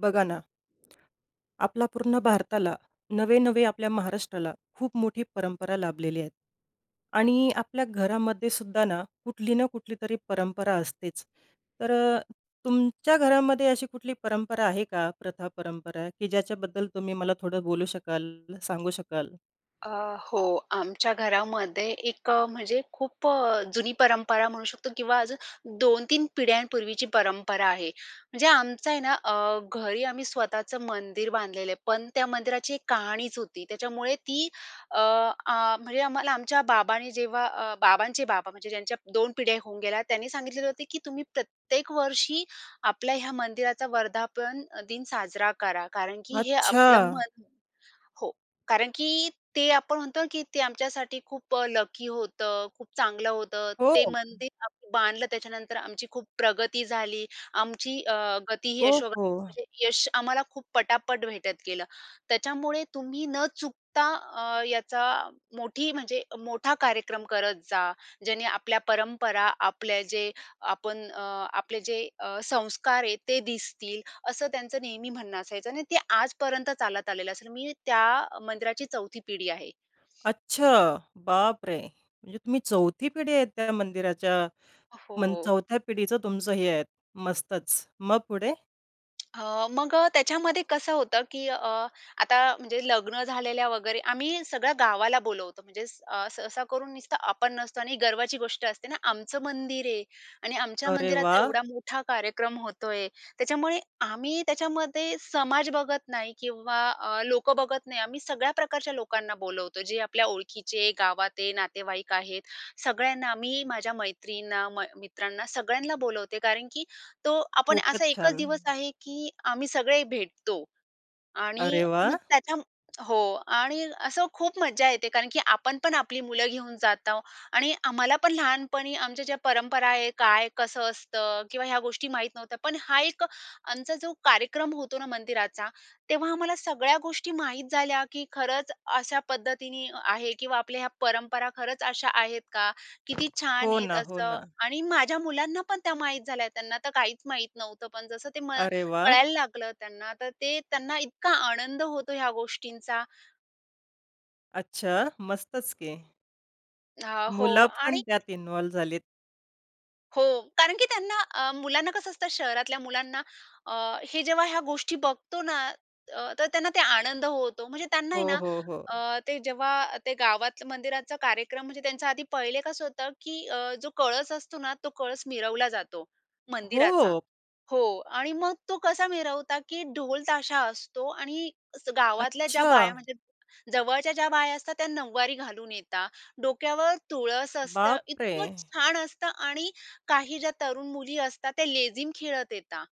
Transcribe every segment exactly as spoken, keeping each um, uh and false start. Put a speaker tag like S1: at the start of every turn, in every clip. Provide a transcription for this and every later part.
S1: बघा ना. आपल्या पूर्ण भारताला, नव्हे-नव्हे आपल्या महाराष्ट्राला खूप मोठी परंपरा लाभलेली आहे आणि आपल्या घरामध्ये सुद्धा ना, कुठली ना कुठलीतरी परंपरा असतेच. तर तुमच्या घरामध्ये अशी कुठली परंपरा आहे का? प्रथा-परंपरा की ज्याच्याबद्दल तुम्ही मला थोडं बोलू शकाल, सांगू शकाल?
S2: अ, हो, आमच्या घरामध्ये एक म्हणजे खूप जुनी परंपरा म्हणू शकतो किंवा अजून दोन तीन पिढ्यांपूर्वीची परंपरा आहे. म्हणजे आमचं आहे ना अ, घरी आम्ही स्वतःचं मंदिर बांधलेलं आहे. पण त्या मंदिराची एक कहाणीच होती, त्याच्यामुळे ती अ, आ, म्हणजे आम्हाला आमच्या बाबांनी जेव्हा अ, बाबांचे बाबा म्हणजे ज्यांच्या दोन पिढ्या होऊन गेल्या त्यांनी सांगितलेलं होतं की तुम्ही प्रत्येक वर्षी आपल्या ह्या मंदिराचा वर्धापन दिन साजरा करा. कारण की हे आपलं
S1: अच्छा.
S2: मन हो. कारण की ते आपण म्हणतो की ते आमच्यासाठी खूप लकी होतं. खूप चांगलं होतं. ते
S1: हो.
S2: मंदिर बांधलं त्याच्यानंतर आमची खूप प्रगती झाली. आमची अ, गती ही
S1: ओ,
S2: यशो
S1: हो.
S2: [unintelligible] यश आम्हाला खूप पटापट भेटत गेलं. त्याच्यामुळे तुम्ही न चुकता अ, याचा मोठी म्हणजे मोठा कार्यक्रम करत जा. ज्याने आपल्या परंपरा, आपल्या जे आपण अ, आपले जे अ, संस्कार आहेत ते दिसतील असं त्यांचं नेहमी म्हणणं असायचं आणि ते आजपर्यंत चालत आलेलं आहे. मी त्या मंदिराची चौथी पिढी आहे.
S1: अच्छा! अरे बापरे! म्हणजे तुम्ही चौथी पिढी आहे त्या मंदिराच्या मग
S2: हो.
S1: चौथ्या पिढीचं तुमचं हे आहे. मस्तच मग पुढे?
S2: अ, मग त्याच्यामध्ये कसं होतं की अ, आता म्हणजे लग्न झालेल्या वगैरे आम्ही सगळ्या गावाला बोलवतो, म्हणजे अ, सहसा करून नुसतं आपण नसतो आणि गर्वाची गोष्ट असते ना, आमचं मंदिर आहे आणि आमच्या
S1: अरे
S2: मंदिराचा एवढा
S1: वाह!
S2: मोठा कार्यक्रम होतो आहे. त्याच्यामुळे आम्ही त्याच्यामध्ये समाज बघत नाही किंवा अ, लोकं बघत नाही, आम्ही सगळ्या प्रकारच्या लोकांना बोलवतो. जे आपल्या ओळखीचे, गावातेत, नातेवाईक आहेत, सगळ्यांना मी माझ्या मैत्रिणींना, म मित्रांना सगळ्यांना बोलवते. कारण की तो आपण असा
S1: खूपच
S2: एकच
S1: छान.
S2: दिवस आहे की आम्ही सगळे भेटतो. आणि
S1: अरे
S2: मग
S1: वाह!
S2: त्याच्या हो आणि अशी खूप मजा येते. कारण की आपण पण आपली मुलं घेऊन जात आहोत आणि आम्हाला पण लहानपणी आमच्या ज्या परंपरा आहेत, काय कसं असतं किंवा ह्या गोष्टी माहीत नव्हत्या. पण हा एक आमचा जो कार्यक्रम होतो ना मंदिराचा, तेव्हा आम्हाला सगळ्या गोष्टी माहीत झाल्या की खरंच अशा पद्धतीने आहे किंवा आपल्या ह्या परंपरा खरंच अशा आहेत का? किती छान
S1: हो
S2: आहेत
S1: ना, हो
S2: असं
S1: ना.
S2: आणि माझ्या मुलांना पण त्या माहीत झाल्या, त्यांना तर काहीच माहीत नव्हतं. पण जसं ते म
S1: अरे वाह!
S2: कळायला लागलं त्यांना, तर ते त्यांना इतका आनंद होतो ह्या गोष्टींचा.
S1: अच्छा. मस्तच की.
S2: हां. हो.
S1: मुलं पण
S2: आणि
S1: त्यात इनवॉल झालेत.
S2: हो. कारण की त्यांना अ, मुलांना कसं असतं, शहरातल्या मुलांना अ, हे जेव्हा ह्या गोष्टी बघतो ना अ, तर त्यांना ते आनंद होतो. म्हणजे त्यांना आहे
S1: हो,
S2: ना
S1: हो, हो.
S2: अ, ते जेव्हा ते गावातलं मंदिराचा कार्यक्रम म्हणजे त्यांचा आधी पहिले कसं होतं, की अ, जो कळस असतो ना, तो कळस मिरवला जातो, मंदिराचा.
S1: हो.
S2: हो. आणि मग तो कसा मिरवतात, की ढोल ताशा असतो आणि असं गावातल्या ज्या बाया
S1: अच्छा.
S2: म्हणजे जवळच्या ज्या बाया असतात त्या नऊवारी घालून येतात. डोक्यावर तुळस असतं,
S1: बाप रे!
S2: इतकं छान असतं आणि काही ज्या तरुण मुली असतात त्या लेझीम खेळत येतात.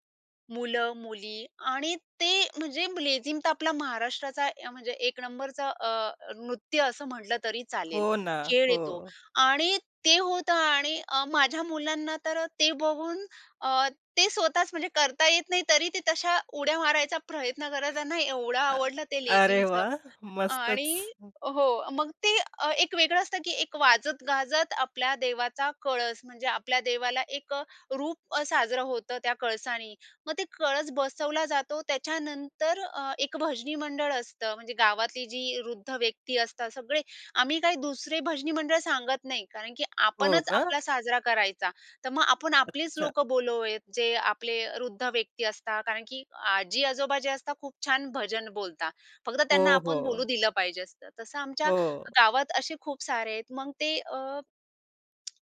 S2: मुलं, मुली आणि ते म्हणजे लेझीम तर आपला महाराष्ट्राचा अ, म्हणजे एक नंबरचा अ, नृत्य असं म्हटलं तरी चालेल,
S1: हो ना.
S2: खेळ आहे तो.
S1: हो.
S2: आणि ते होतं आणि अ, माझ्या मुलांना तर ते बघून अ, ते स्वतःच म्हणजे करता येत नाही, तरी ते तशा उड्या मारायचा प्रयत्न करतं, त्यांना एवढं
S1: अ,
S2: आवडलं ते
S1: अरे
S2: लेझीमचं.
S1: वाह! मस्तच.
S2: आणि
S1: हं.
S2: हो. मग ते अ, एक वेगळं असतं, की एक वाजत गाजत आपल्या देवाचा कळस म्हणजे आपल्या देवाला एक अ, रूप अ, साजरं होतं त्या कळसानी. मग ते कळस बसवला जातो. त्याच्यानंतर अ, एक भजनी मंडळ असतं म्हणजे गावातली जी वृद्ध व्यक्ती असतात सगळे आम्ही काही दुसरे भजनी मंडळ सांगत नाही. कारण की
S1: हो
S2: आपणच
S1: का?
S2: आपला साजरा करायचा, तर मग आपण आपलीच
S1: अच्छा.
S2: लोकं बोललेयत, जे आपले वृद्ध व्यक्ती असतात. कारण की आजी-आजोबा जे असतात खूप छान भजन बोलता. फक्त त्यांना
S1: हो,
S2: आपण बोलू
S1: हो.
S2: दिलं पाहिजे असतं. तसं आमच्या
S1: हो.
S2: गावात असे खूप सारे आहेत. मग ते अ,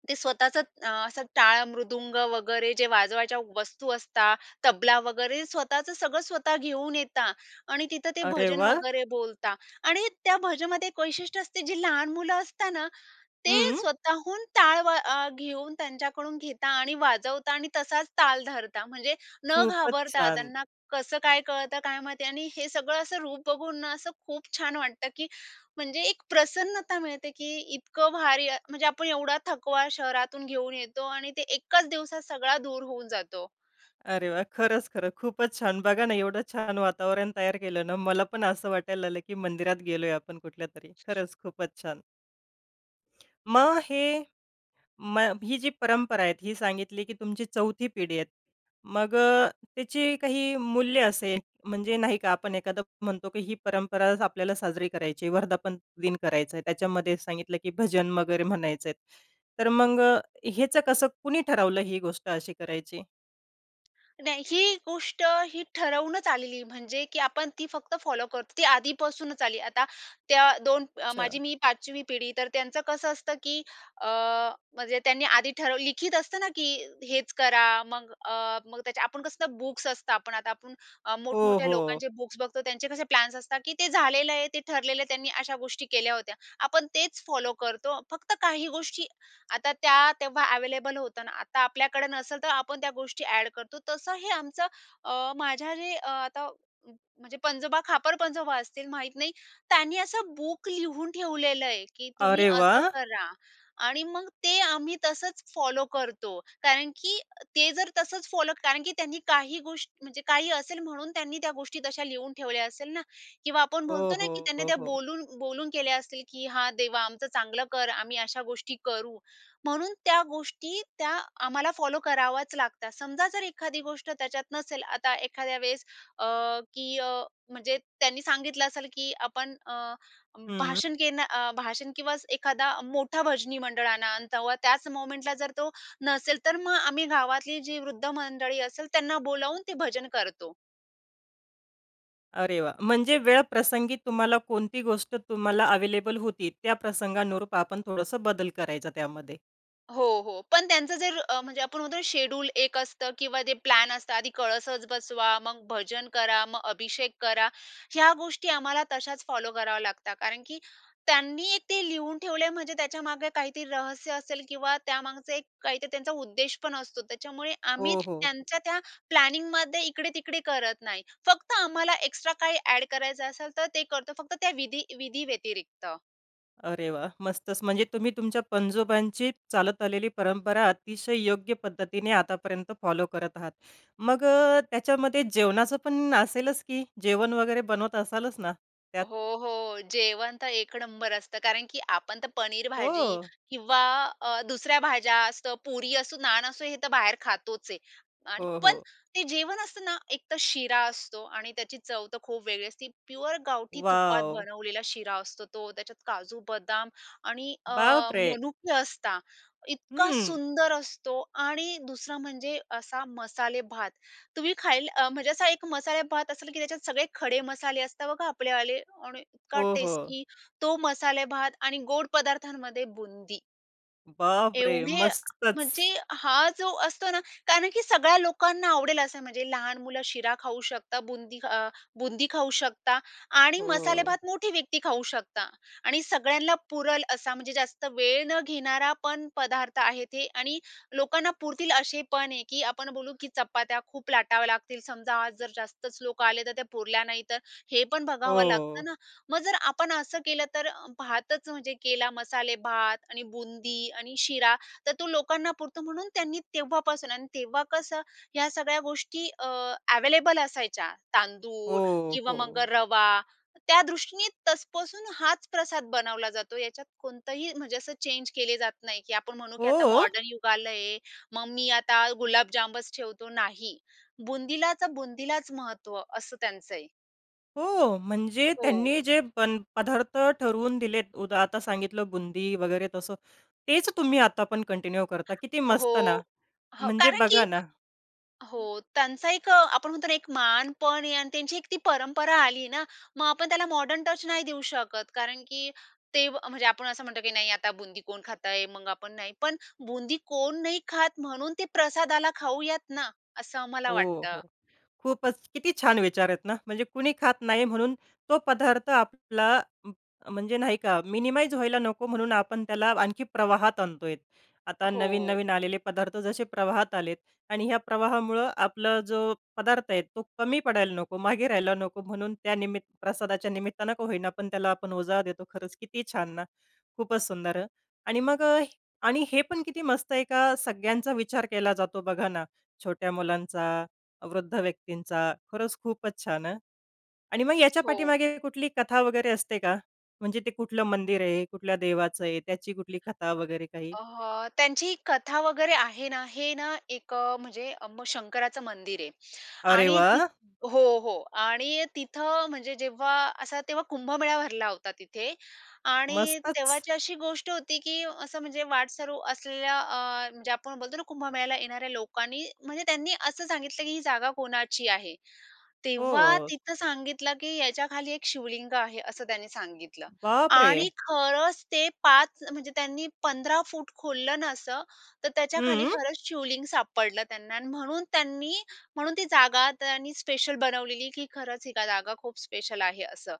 S2: ते स्वतःचंच अ, असं टाळ, मृदुंग वगैरे जे वाजवायच्या वस्तू असतात, तबला वगैरे स्वतःचं सगळं स्वतः घेऊन येतात आणि तिथं ते
S1: अरे
S2: भजन
S1: वाह!
S2: वगैरे बोलता आणि त्या भजनामध्ये एक वैशिष्ट्य असते जे लहान मुलं असत ना, ते
S1: हं.
S2: स्वतःहून टाळ व अ, घेऊन त्यांच्याकडून घेतात आणि वाजवतात आणि तसाच ताल धरतात. म्हणजे न
S1: खूपच
S2: घाबरता,
S1: छान.
S2: त्यांना कसं काय कळतं काय माहिती आणि हे सगळं असं रूप बघून ना, असं खूप छान वाटतं, की म्हणजे एक प्रसन्नता मिळते, की इतकं भारी अ, म्हणजे आपण एवढा थकवा शहरातून घेऊन येतो. आणि ते एकाच दिवसात सगळा दूर होऊन जातो.
S1: अरे वाह! खरंच, खरं. खूपच छान. बघा ना, एवढं छान वातावरण तयार केलं ना, मला पण असं वाटायला लागलं, की मंदिरात गेलोय आपण कुठल्यातरी. खरंच खूपच छान. मग हे मग ही जी परंपरा आहे ही सांगितली की तुमची चौथी पिढी आहे. मग अ, त्याची काही मूल्य असेल, म्हणजे नाही का आपण एखादा म्हणतो की ही परंपरा आज आपल्याला साजरी करायची आहे. वर्धापन दिन करायचा आहे. त्याच्यामध्ये सांगितलं की भजन वगैरे म्हणायचंय, तर मग ह्याचं कसं कुणी ठरवलं ही गोष्ट अशी करायची?
S2: नाही. ही गोष्ट ही ठरवूनच आलेली. म्हणजे की आपण ती फक्त फॉलो करतो, ती आधीपासूनच आली. आता त्या दोन, अ,
S1: अच्छा.
S2: माझी मी पाचवी पिढी तर त्यांचं कसं असतं, की अ, म्हणजे त्यांनी आधी ठरव लिखित असतं ना की हेच करा. मग अ, मग त्याच्या आपण कसंल बुक्स असतात. पण आता आपण अ,
S1: हो,
S2: मोठ-मोठ्या
S1: हो.
S2: लोकांचे बुक्स बघतो, त्यांचे कसे प्लॅन्स असतात, की ते झालेलं आहे, ते ठरलेलं आहे, त्यांनी अशा गोष्टी केल्या होत्या. आपण तेच फॉलो करतो. फक्त काही गोष्टी आता त्या तेव्हा ॲव्हेलेबल होतं ना, आता आपल्याकडे नसेल तर आपण त्या गोष्टी ॲड करतो. तसं हे आमचं अ, माझ्या जे आता म्हणजे पंजोबा, खापर-पणजोबा असतील, माहीत नाही, त्यांनी असं बुक लिहून ठेवलेलं आहे, की तुम्ही
S1: अरे
S2: असं
S1: वाह!
S2: करा. आणि मग ते आम्ही तसंच फॉलो करतो, कारण की ते जर तसंच फॉलो कारण की त्यांनी काही गोष म्हणजे काही असेल म्हणून त्यांनी त्या गोष्टी तशा लिहून ठेवल्या असेल ना? किंवा आपण
S1: हो,
S2: बोलतो ना की
S1: हो.
S2: त्यांनी
S1: हो,
S2: त्या
S1: हो.
S2: बोलून बोलून केल्या असतील, की "हां, देवा आमचं चांगलं कर. आम्ही अशा गोष्टी करू." म्हणून त्या गोष्टी त्या आम्हाला फॉलो कराव्याच लागतात. समजा जर एखादी गोष्ट त्याच्यात नसेल, आता एखाद्या वेळेस अ, की अ, म्हणजे त्यांनी सांगितलं असेल की "आपण अ,
S1: हम्म.
S2: भाषण घेणं अ, भाषण किंवा एखादा मोठा भजनी मंडळ आणा." अन् तेव्हा त्याच मोमेंटला जर तो नसेल, तर मग आम्ही गावातली जी वृद्ध मंडळी असेल त्यांना बोलावून ते भजन करतो.
S1: अरे वाह! म्हणजे वेळ प्रसंगी तुम्हाला कोणती गोष्ट तुम्हाला अवेलेबल होती, त्या प्रसंगानुरूप आपण थोडंसं बदल करायचा त्यामध्ये.
S2: हो, हो, पण त्यांचं जर अ, म्हणजे आपण म्हणतो शेड्युल एक असतं किंवा जे प्लॅन असतं, आधी कळसच बसवा, मग भजन करा, मग अभिषेक करा, ह्या गोष्टी आम्हाला तशाच फॉलो कराव्या लागतात. कारण की त्यांनी ते लिहून ठेवले आहे, म्हणजे त्याच्यामागे काहीतरी रहस्य असेल किंवा त्यामागचं एक काहीतरी त्यांचा उद्देश पण असतो. त्याच्यामुळे आम्ही
S1: हो, हो.
S2: त्यांच्या त्या प्लॅनिंगमध्ये इकडे-तिकडे करत नाही, फक्त आम्हाला एक्स्ट्रा काही ॲड करायचं असेल, तर ते करतो फक्त त्या विधीं विधींव्यतिरिक्त.
S1: अरे वाह! मस्तच म्हणजे तुम्ही तुमच्या पणजोबांची चालत आलेली परंपरा, अतिशय योग्य पद्धतीने आतापर्यंत फॉलो करत आहात. मग अ, त्याच्यामध्ये जेवणाचंपण असेलच की? जेवण वगैरे बनवत असालच ना, त्यात?
S2: हो, हो, जेवण तर एक नंबर असतं. कारण की आपण तर पनीर भाजी
S1: हो.
S2: किंवा अ, दुसऱ्या अ, भाज्या असतात, पुरी असो, नान असो, हे तर बाहेर खातोच आहे आणि
S1: हो,
S2: पण
S1: हो.
S2: ते जेवण असतं ना, एकतर शिरा असतो आणि त्याची चव तर खूप वेगळी असते. प्युअर गावठी तुपात
S1: वॉव!
S2: बनवलेला शिरा असतो तो, त्याच्यात काजू-बदाम आणि अ,
S1: बापरे!
S2: मनुके असतात. इतका
S1: हं.
S2: सुंदर असतो आणि दुसरा म्हणजे असा मसालेभात. तुम्ही खायल म्हणजे असा एक मसालेभात असेल की त्याच्यात सगळे खडे मसाले असतात बघा आपलेवाले आणि इतका
S1: हो, हो.
S2: टेस्टी तो मसालेभात आणि गोड पदार्थांमध्ये बुंदी.
S1: बाप रे!
S2: एवढे
S1: मस्तच.
S2: म्हणजे हा जो असतो ना कारण की सगळ्या लोकांना आवडेल असं. म्हणजे लहान मुलं शिरा खाऊ शकतात, बुंदी अ, बुंदी खाऊ शकतात आणि
S1: हो.
S2: मसालेभात मोठी व्यक्ती खाऊ शकतात आणि सगळ्यांना पुरेल असा म्हणजे जास्त वेळ न घेणारा पण पदार्थ आहे ते आणि लोकांना पुरतील असे पण आहे की आपण बोलू की चपात्या खूप लाटाव्या लागतील, समजा आज जर जास्तच लोकं आले तर त्या पुरल्या नाही तर हे पण बघावं लागतं
S1: हो.
S2: ना? मग जर आपण असं केलं तर अ, भातच म्हणजे केला, मसालेभात आणि बुंदी आणि शिरा, तर तो लोकांना पुरतो. म्हणून त्यांनी तेव्हापासून आणि तेव्हा कसं ह्या सगळ्या गोष्टी अ, ॲव्हेलेबल असायच्या, तांदूळ
S1: हो,
S2: किंवा मग अ,
S1: हो.
S2: रवा. त्या दृष्टीने तसपसून हाच प्रसाद बनवला जातो. याच्यात कोणतंही म्हणजे असं चेंज केलं जात नाही की आपण म्हणू की आता
S1: हो!
S2: मॉडर्न युग आलय. मग मी आता गुलाबजामच ठेवतो. नाही, बुंदीला तर बुंदीलाच महत्त्व असं त्यांचं आहे.
S1: हो, म्हणजे
S2: हो.
S1: त्यांनी जे पण पदार्थ ठरवून दिलेत उदा आता सांगितलं बुंदी वगैरे तसं, तेच तुम्ही आता पण कंटिन्यू करता किती
S2: हो,
S1: मस्त ना.
S2: हां,
S1: म्हणजे
S2: कारण
S1: बघा
S2: की
S1: ना
S2: हो, त्यांचा एक अ, आपण म्हणतो ना, एक मान पण आहे आणि त्यांची एक ती परंपरा आली ना. मग आपण त्याला मॉडर्न नाही देऊ शकत कारण की ते म्हणजे आपण असं म्हणतो की "नाही, आता बुंदी कोण खात आहे? मग आपण नाही" पण बुंदी कोण नाही खात म्हणून ते प्रसादाला खाऊयात ना, असं आम्हाला
S1: हो,
S2: वाटतं.
S1: हो, खूपच किती छान विचार आहेत ना, म्हणजे कोणी खात नाही म्हणून तो पदार्थ आपला उम्म, म्हणजे नाही का, मिनिमाईज व्हायला नको म्हणून आपण त्याला आणखी प्रवाहात आणतोय. आता
S2: हो.
S1: नवीन-नवीन आलेले पदार्थ जसे प्रवाहात आलेत आणि ह्या प्रवाहामुळे आपला जो पदार्थ आहे, तो कमी पडायला नको, मागे राहायला नको, म्हणून त्या निमित प्रसादाच्या निमित्ताने का होईना, पण त्याला आपण उजाळा देतो. खरंच किती छान ना, खूपच सुंदर. अ, आणि मग अ, आणि हे पण किती मस्त आहे का, सगळ्यांचा विचार केला जातो, बघा ना, छोट्या मुलांचा, वृद्ध व्यक्तींचा. खरंच खूपच छान हं. आणि मग याच्या
S2: हो.
S1: पाठीमागे कुठली कथा वगैरे असते का? म्हणजे ते कुठलं मंदिर आहे, कुठल्या देवाचं आहे, त्याची कुठली कथा वगैरे काही?
S2: अ, त्यांची कथा वगैरे आहे ना. हे ना एक अ, म्हणजे अप शंकराचं मंदिर आहे
S1: अरे
S2: आणि ति
S1: वाह!
S2: हो, हो आणि तिथं म्हणजे जेव्हा असा तेव्हा कुंभमेळा भरला होता तिथे आणि
S1: मस्तच.
S2: तेव्हाची अशी गोष्ट होती की असं म्हणजे वाटसरू असलेल्या अ, म्हणजे आपण बोलतो ना कुंभमेळ्याला येणाऱ्या लोकांनी म्हणजे त्यांनी असं सांगितलं की, "ही जागा कोणाची आहे?" तेव्हा
S1: हो.
S2: तिथं सांगितलं की, "याच्याखाली एक शिवलिंग आहे." असं त्यांनी सांगितलं
S1: बाप रे!
S2: आणि खरंच ते पाच म्हणजे त्यांनी पंधरा फुट खोललं ना असं, तर त्याच्याखाली
S1: हम्म.
S2: खरंच शिवलिंग सापडलं त्यांना आणि म्हणून त्यांनी म्हणून ती जागा त्यांनी स्पेशल बनवलेली की खरंच ही जागा खूप स्पेशल आहे असं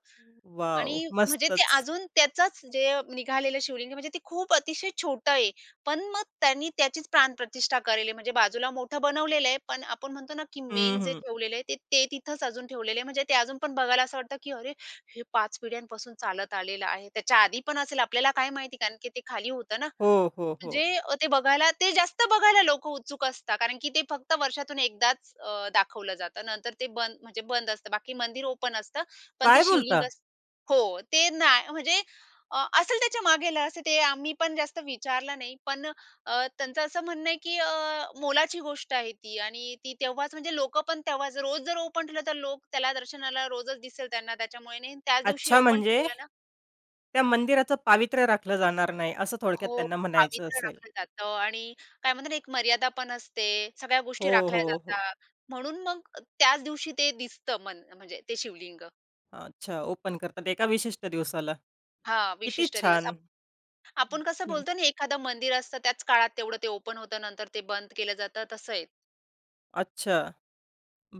S1: वॉव!
S2: आणि म्हणजे ते
S1: मस्तच.
S2: अजून त्याचंच म्हणजे निघालेलं शिवलिंग म्हणजे ते खूप अतिशय छोटं आहे, पण मग त्यांनी त्याचीच प्राणप्रतिष्ठा करेले. म्हणजे बाजूला मोठं बनवलेलं आहे. पण आपण म्हणतो ना की
S1: हं,
S2: मेन जे
S1: हं.
S2: ठेवलेलं आहे ते तिथंच अजून ठेवलेलं आहे. म्हणजे ते अजून पण बघायला असं वाटतं की अरे, हे पाच पिढ्यांपासून चालत आलेलं आहे. त्याच्या आधी पण असेल, आपल्याला काय माहिती कारण की ते खाली होतं ना.
S1: हो, हो, हो.
S2: म्हणजे अ, ते बघायला ते जास्त बघायला लोक उत्सुक असतात. कारण की ते फक्त वर्षातून एकदाच अ, दाखवलं जातं. नंतर ते बंद म्हणजे बंद असतं. बाकी मंदिर ओपन असतं, पण ते
S1: काय
S2: शिवलिंग
S1: बोलता?
S2: अस हो, ते नाही म्हणजे अ, असेल त्याच्या मागेल, असं ते आम्ही पण जास्त विचारलं नाही. पण अ, त्यांचं असं म्हणणं आहे की अ, मोलाची गोष्ट आहे ती आणि ती तेव्हाच म्हणजे लोकं पण तेव्हाच रोज जर ओ म्हटलं तर लोक त्याला दर्शनाला रोजच दिसेल त्यांना, त्याच्यामुळे नाही. त्याच दिवशी
S1: अच्छा
S2: ओपन
S1: म्हणजे
S2: ठेवलं ना
S1: त्या मंदिराचं पावित्र्य राखलं जाणार नाही, असं थोडक्यात
S2: हो,
S1: त्यांना म्हणायचं
S2: पावित्र्य
S1: असेल.
S2: राखलं जातं आणि काय म्हणतात ना एक मर्यादा पण असते, सगळ्या गोष्टी
S1: हो,
S2: राखल्या
S1: हो, हो.
S2: जातात. म्हणून मग त्याच दिवशी ते दिसतं मंद म्हणजे ते शिवलिंग.
S1: अच्छा. ओपन करतात एका विशिष्ट दिवसाला.
S2: हां,
S1: किती
S2: विशिष्ट दिवस.
S1: छान!
S2: आप आपण कसं
S1: हं.
S2: बोलतो ना, एखादं मंदिर असतं. त्याच काळात तेवढं ते ओपन होतं. नंतर ते बंद केलं जातं, तसं आहे.
S1: अच्छा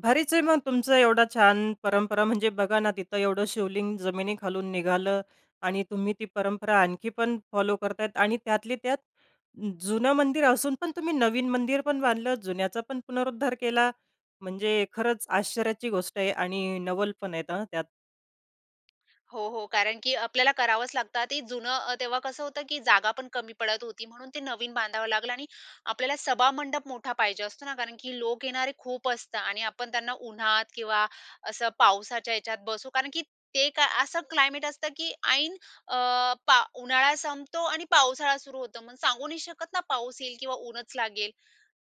S1: भारीच आहे मग. तुमचा एवढा छान परंपरा म्हणजे बघा ना, तिथं एवढं शिवलिंग जमिनीखालून निघालं आणि तुम्ही ती परंपरा आणखी पण फॉलो करतायेत. आणि त्यातली त्यात जुनं मंदिर असून पण तुम्ही नवीन मंदिरपण बांधलं. जुन्याचा पण पुनरुद्धार केला. म्हणजे खरंच आश्चर्याची गोष्ट आहे आणि नवल पण आहेत, हं त्यात.
S2: हो, हो. कारण की आपल्याला करावंच लागतं. ते जुनं अ, तेव्हा कसं होतं, की जागापण कमी पडत होती. म्हणून ते नवीन बांधावं लागलं. आणि आपल्याला सभामंडप मोठा पाहिजे असतो ना. कारण की लोक येणारे खूप असता. आणि आपण त्यांना उन्हात किंवा असं पावसाच्या ह्याच्यात बसू कारण की ते काय असं क्लायमेट असतं, की ऐन अ, पा उन्हाळा संपतो आणि पावसाळा सुरू होतो. मग सांगू नाही शकत ना, पाऊस येईल किंवा ऊनच लागेल.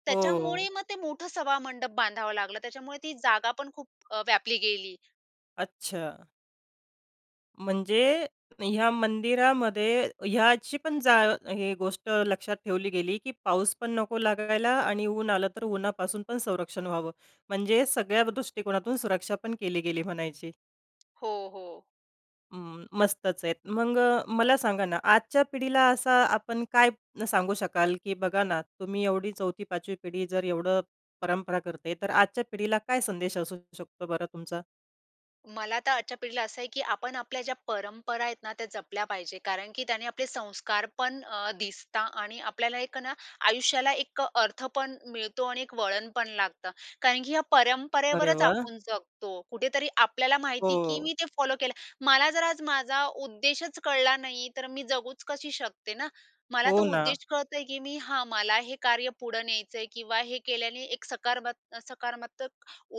S2: त्याच्यामुळे
S1: हो.
S2: मग ते मोठं सभामंडप बांधावं लागलं. त्याच्यामुळे ती जागापण खूप अ, व्यापली गेली.
S1: अच्छा. म्हणजे ह्या मंदिरामध्ये हयाचीपण जा हे गोष्ट लक्षात ठेवली गेली, की पाऊस पण नको लागायला आणि ऊन आलं, तर उन्हापासून पण संरक्षण व्हावं. म्हणजे सगळ्या दृष्टिकोनातून सुरक्षापण केली गेली म्हणायची.
S2: हो, हो.
S1: हं, मस्तच आहेत. मग मला सांगा ना, आजच्या पिढीला असा आपण काय सांगू शकाल? की बघा ना, तुम्ही एवढी चौथी, पाचवी पिढी जर एवढं परंपरा करते. तर आजच्या पिढीला काय संदेश असू शकतो बरं तुमचा?
S2: मला तर आजच्या पिढीला असं आहे, की आपण आपल्या ज्या परंपरा आहेत ना, त्या जपल्या पाहिजे. कारण की त्याने आपले संस्कारपण अ, दिसता आणि आपल्याला एक ना आयुष्याला एक अर्थपण मिळतो. आणि एक वळणपण लागतं. कारण की या
S1: अरे
S2: परंपरेवरच
S1: वाह!
S2: आपण जगतो. कुठेतरी आपल्याला माहिती की
S1: हो.
S2: मी ते फॉलो केलं. मला जर आज माझा उद्देशच कळला नाही तर मी जगूच कशी शकते ना. मला
S1: हो
S2: तो
S1: ना.
S2: उद्देश कळतोय, की मी हा मला हे कार्य पुढं न्यायचं आहे किंवा हे केल्याने एक सकारमत् सकारात्मक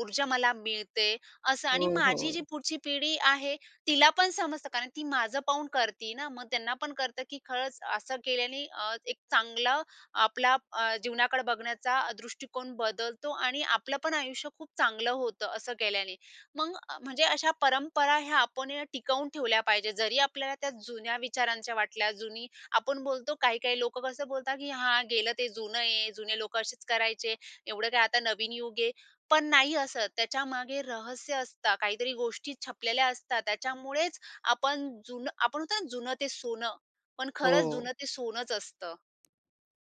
S2: ऊर्जा मला मिळते. अस आणि
S1: हो,
S2: माझी जी
S1: हो.
S2: पुढची पिढी आहे, तिला पण समजतं कारण ती माझं पाहून करती ना. मग त्यांनापण कळतं, की खरंच असं केल्याने अ, एक चांगलं आपला अ, जीवनाकडे बघण्याचा दृष्टिकोन बदलतो आणि आपलंपण आयुष्य खूप चांगलं होतं, असं केल्याने. मग म्हणजे अशा परंपरा ह्या आपण या टिकवून ठेवल्या पाहिजे. जरी आपल्याला त्या जुन्या विचारांच्या वाटल्या. जुनी आपण बोलतो काही-काही लोकं कसं बोलतात की, "हां. गेलं ते जुनं आहे. जुने लोक असेच करायचे. एवढं काय आता नवीन युग आहे." पण नाही असत त्याच्यामागे रहस्य असतं काहीतरी, गोष्टी छिपलेल्या असतात. त्याच्यामुळेच आपण जुनं आपण म्हणतो ना, जुनं ते सोनं. पण खरंच
S1: हो.
S2: जुनं ते सोनंच असतं.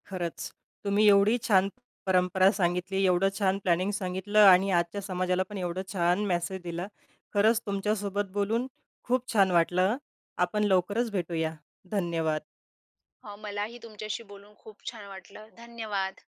S1: खरंच, तुम्ही एवढी छान परंपरा सांगितली, एवढं छान प्लॅनिंग सांगितलं आणि आजच्या समाजालापण एवढं छान मेसेज दिला. खरंच तुमच्यासोबत बोलून खूप छान वाटलं. आपण लवकरच भेटूया, धन्यवाद.
S2: हो, मलाही तुमच्याशी बोलून खूप छान वाटलं, धन्यवाद.